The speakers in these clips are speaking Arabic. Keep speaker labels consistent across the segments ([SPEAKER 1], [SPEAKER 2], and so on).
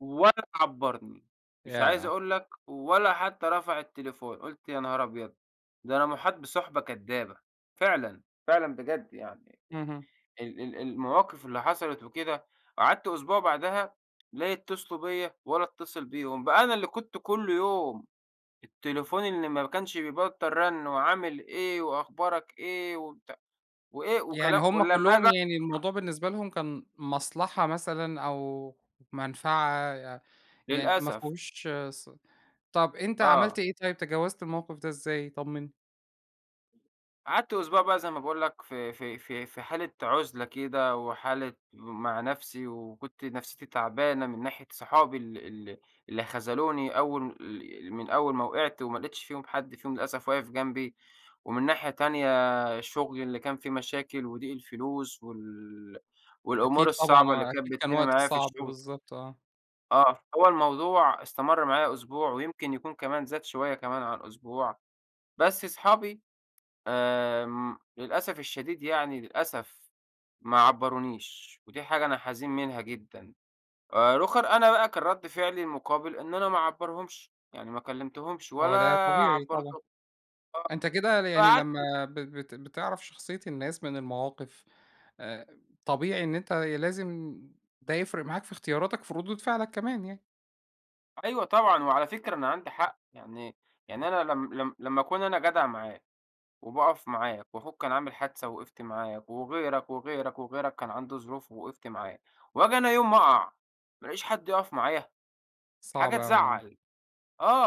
[SPEAKER 1] ولا عبّرني. مش عايز
[SPEAKER 2] ياه!
[SPEAKER 1] أقول لك ولا حتّى رفع التليفون، قُلت يا نهار أبيض، ده أنا مُحاط بِصُحبة كدّابة فعلًا، فعلًا بجد يعني
[SPEAKER 2] اهم.
[SPEAKER 1] ال ال المواقِف اللي حصلت وكده، قعدت أسبوع بعدها لا يتّصلوا بيّا ولا أتّصل بيهم، بقى أنا اللي كنت كل يوم التليفون اللي ما كانش بيبطّل رَن وعامِل إيه وأخبارك إيه وبتاع. وإيه،
[SPEAKER 2] يعني
[SPEAKER 1] وكلام
[SPEAKER 2] هم
[SPEAKER 1] ولمّا
[SPEAKER 2] كُلّهم
[SPEAKER 1] آجي
[SPEAKER 2] يعني
[SPEAKER 1] [unintelligible]
[SPEAKER 2] الموضوع بالنسبة لهم كان مَصلحة مثلًا أو مَنفعة ي يعني ما
[SPEAKER 1] للأسف.
[SPEAKER 2] فيهوش ص طَب أنت عملت
[SPEAKER 1] آه.
[SPEAKER 2] إيه طيب تجاوزت الموقِف ده إزاي طمّنّي؟
[SPEAKER 1] قعدت أسبوع بقى زي ما باقول لك في في في في حالة عُزلة كده وحالة مع نَفْسي وكنت نَفْسيتي تعبانة من ناحية صحابي ال ال اللي خذلوني أول ال من أول ما وقعت وما لقيتش فيهم حد فيهم للأسف واقف جنبي، ومن ناحية تانية شُغلي اللي كان فيه مشاكل وضِيق الفلوس وال والأمور
[SPEAKER 2] أكيد طبعًا
[SPEAKER 1] الصعبة اللي
[SPEAKER 2] آه،
[SPEAKER 1] كانت
[SPEAKER 2] أكيد كان
[SPEAKER 1] بتتم
[SPEAKER 2] وقت
[SPEAKER 1] معايا في
[SPEAKER 2] صعب،
[SPEAKER 1] الشُغل.
[SPEAKER 2] بالضبط آه.
[SPEAKER 1] آه. هو الموضوع استمَر معايا أسبوع ويمكن يكون كمان زاد شوية كمان عن أسبوع، بس أصحابي آمم للأسف الشديد يعني للأسف ما عبّرونيش ودي حاجة أنا حزين منها جدًا. آآ رُوخَر أنا بقى كان رَد فعلي المُقابل إن أنا ما أعبّرهمش، يعني ما كلِّمتهمش
[SPEAKER 2] هو
[SPEAKER 1] ولا
[SPEAKER 2] ده طبيعي طبعًا.
[SPEAKER 1] عبّرتهم،
[SPEAKER 2] أنت كده ل
[SPEAKER 1] آه.
[SPEAKER 2] يعني
[SPEAKER 1] فقعدت
[SPEAKER 2] لمّا ب بت بتعرف شخصية الناس من المواقِف آآ، طبيعي إن أنت لازم ده يفرق معاك في اختياراتك في ردود فعلك كمان يعني.
[SPEAKER 1] أيوه طبعًا. وعلى فكرة أنا عندي حَق، يعني يعني أنا لم لم لمّا أكون أنا جدع معاك وباقَف معاك وأخوك كان عامل حادثة ووقفت معاك وغيرك، وغيرك، وغيرك، كان عنده ظروف ووقفت معاه وآجي أنا يوم ما أقَع ما ألاقيش حد يُقَف معايا!
[SPEAKER 2] صعب
[SPEAKER 1] حاجة
[SPEAKER 2] أوي آه.
[SPEAKER 1] تزعّل.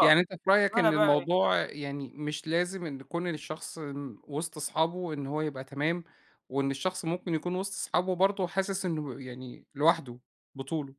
[SPEAKER 2] يعني أنت في رأيك
[SPEAKER 1] وأنا
[SPEAKER 2] إن
[SPEAKER 1] بقى إيه
[SPEAKER 2] الموضوع يعني مش لازم إن كُون الشخص م وِسط صحابه إن هو يبقى تمام وإن الشخص ممكن يكون وِسط صحابه برضه وحاسِس إنه يعني لوحده بطولُه؟